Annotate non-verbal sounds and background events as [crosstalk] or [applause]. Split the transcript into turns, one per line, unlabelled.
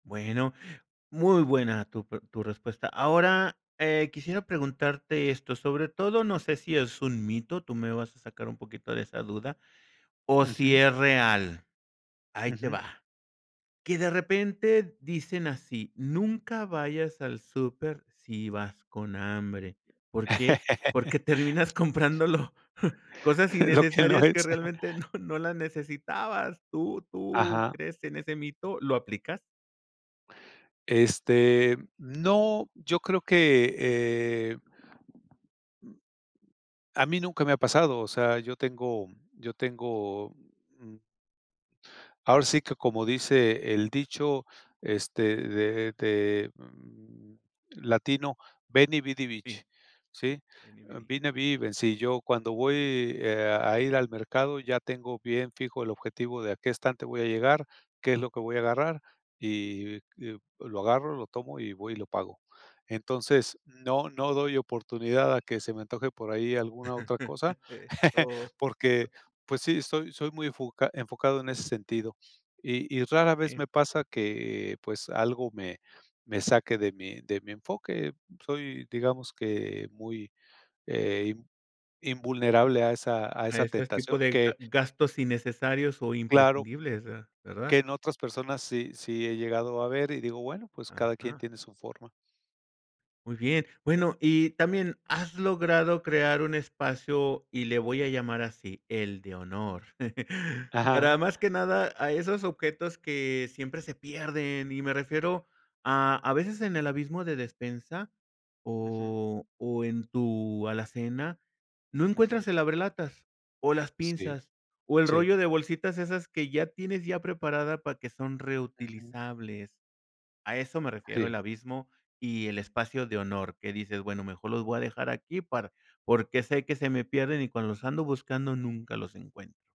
Bueno, muy buena tu pre tu respuesta. Ahora, eh, quisiera preguntarte esto, sobre todo, no sé, si es un mito, tú me vas a sacar un poquito de esa duda, o si
Ujú.
es real, ahí te
Ujú.
va. Que de repente dicen así: "Nunca vayas al súper si vas con hambre". ¿Por qué? Porque
[chuckles]
terminas comprándolo [chuckles] cosas
Lo que no
innecesarias que
es.
realmente no no las necesitabas. ¿Tú tú
Ajá.
crees en ese mito? ¿Lo aplicas?
Este, no, yo creo que, eh, mm, a mí nunca me ha pasado, o sea, yo tengo yo tengo, mm. ahora sí, que como dice el dicho, este, de de, mm, latino: "Veni vidi vici"
Sí.
¿sí?
Veni vidi.
Vine, vi y vencí, yo, cuando voy, eh, a ir al mercado, ya tengo bien fijo el objetivo de a qué qué estante voy a llegar, qué es lo que voy a agarrar y y lo agarro, lo tomo y voy y lo pago. Entonces, no no doy oportunidad a que se me antoje por ahí alguna otra cosa,
[chuckles]
[chuckles]
Oh.
porque, pues sí, soy soy muy enfoca enfocado en ese sentido. Y y rara vez
Eh.
me pasa que, pues, algo me me saque de mi de mi enfoque. Soy, digamos que, muy, eh, invulnerable a esa a
A
esa
este tipo
tentación,
de
que
gastos innecesarios o
Claro.
imprescindibles, ¿verdad?
Que en otras personas sí sí he llegado a ver y digo, bueno, pues cada quien
Ajá.
tiene su forma.
Muy bien, bueno, y también has logrado crear un espacio, y le voy a llamar así, el de honor, [chuckles] para
Ajá.
más que nada a esos objetos que siempre se pierden y me refiero a, a veces en el abismo de despensa
Ujú.
o o en tu alacena, no
Ujú.
encuentras el abrelatas o las
Sí.
pinzas o el
Sí.
rollo de bolsitas esas que ya tienes ya preparada, para que son
Ujú.
reutilizables, a eso me refiero
Sí.
el abismo y el espacio de honor que dices, bueno, mejor los voy a dejar aquí para porque sé que se me pierden y cuando los ando buscando nunca los encuentro.